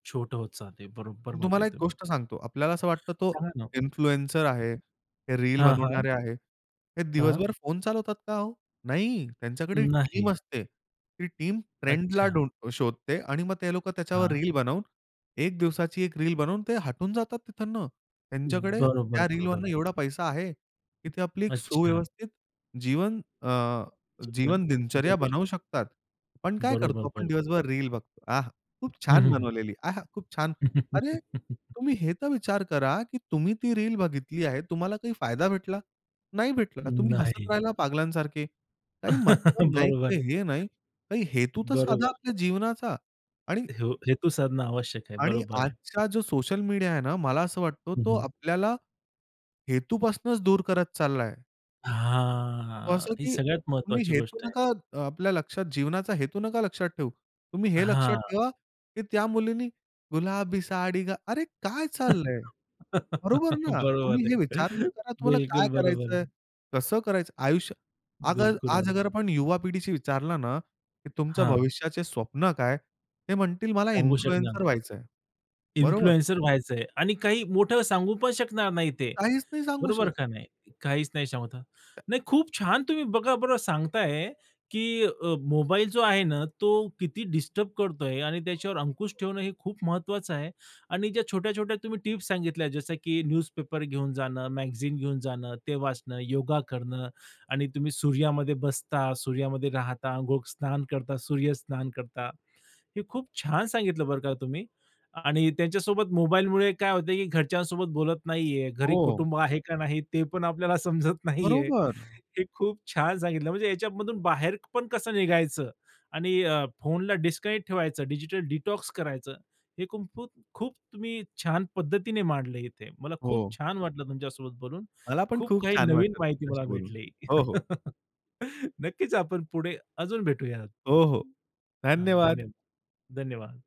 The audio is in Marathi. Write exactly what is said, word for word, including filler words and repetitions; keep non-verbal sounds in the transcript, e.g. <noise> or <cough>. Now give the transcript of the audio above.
छोटं होत जाते. बरोबर म्हटले तुम्हाला एक तुम्ही. गोष्ट सांगतो. आपल्याला असं वाटतं तो सांगा ना. इन्फ्लुएन्सर आहे. हे रील हां, हां. बनवणारे आहे. ते हां. दिवसभर फोन चालवतात का हो? नाही. अ, त्यांच्याकडे टीम नाही. असते. ती टीम फ्रेंडला अच्छा. धुंड शोधते आणि मग ते लोकं त्याच्यावर हां. रील बनवून एक दिवसाची एक रील बनवून ते हटून जातात तिथून. अ, त्यांच्याकडे बरोबर, त्या रीलवरनं बरोबर. एवढा पैसा आहे की ते आपली एक अच्छा. सुव्यवस्थित जीवन अ, ते पण जीवन दिनचर्या बनवू उद्यापासुन. शकतात. आपण काय बरोबर, करतो? आपण बरोबर. दिवसभर रील बघतो. आह! खूप हं, छान हं, हं. बनवलेली आहा! खूप छान. अरे! <laughs> तुम्ही हे तर विचार करा की तुम्ही ती रील बघितली आहे. तुम्हाला काही फायदा भेटला? नाही भेटला. तुम्ही हसत नाही. राहिला पागलांसारखे. काही मतलब <chuckles> नाही, काही बरोबर. हे नाही. काही हेतू तर साधा बरोबर. आपल्या जीवनाचा आणि हो. हेतू साधणं आवश्यक आहे. आणि बरोबर आहे. आजचा जो सोशल मीडिया आहे ना मला असं वाटतो हं, तो हं. आपल्याला हेतूपासूनच दूर करत चाललाय. तो हां. असा ही की सगळ्यात तुम्ही महत्वाची हेतू गोष्ट आहे. नका. अ, आपल्या लक्षात जीवनाचा हेतू नका लक्षात ठेऊ. तुम्ही हे लक्षात हां. ठेवा की त्या मुलीने गुलाबी साडी गा अरे! काय चाललंय? बरोबर <laughs> ना. तुम्ही बरोबर हे विचार तर आहे. करा तुम्हाला काय बिलकुल बरोबर करायचंय? आहे. कसं करायचं? आयुष्य अगर बिलकुल आज आलं. अगर आपण युवा पिढीशी विचारलं ना की तुमच्या हां. भविष्याचे स्वप्न काय? ते म्हणतील मला सांगू शकणार इन्फ्लुएन्सर नाही. व्हायचंय. बरोबर? इन्फ्लुएन्सर व्हायचंय आणि काही मोठं सांगू पण शकणार नाही ते, काहीच नाही सांगू बरोबर शकत. का नाही? काहीच नाही सांगू शावता. नाही खूप छान तुम्ही बघा बरं सांगताय की अ, मोबाईल जो आहे ना तो किती डिस्टर्ब करतोय? आणि त्याच्यावर अंकुश ठेवणं हे खूप महत्वाचं आहे. आणि ज्या छोट्या-छोट्या तुम्ही टिप्स सांगितल्या जसं की न्यूजपेपर घेऊन जाणं, मॅगझीन घेऊन जाणं, ते वाचणं, योगा करणं आणि तुम्ही सूर्यामध्ये बसता, सूर्यामध्ये राहता, गोक स्नान करता, सूर्य स्नान करता. हे खूप छान सांगितलं बरं का तुम्ही. आणि त्यांच्यासोबत मोबाईलमुळे काय होतंय की घरच्यांसोबत बोलत नाहीये, घरी हो. कुटुंब आहे का नाही? ते पण आपल्याला समजत नाहीये. बरोबर. हे खूप छान सांगितलं म्हणजे ह्याच्यामधून बाहेर पण कसं निघायचं आणि अ, फोनला डिस्कनेक्ट ठेवायचं, डिजिटल डिटॉक्स करायचं. हे कुं फूत खूप छान पद्धतीने मांडलं इथे. मला खूप हो. छान वाटलं तुमच्यासोबत बोलून, मला पण खूप खूप काही छान नवीन वाटलं माहिती मला तुमच्याशी बोलून. भेटली. हो, हो. <laughs> नक्कीच आपण पुढे अजून भेटूयात. हो, हो. अ, धन्यवाद! धन्यवाद, धन्यवाद!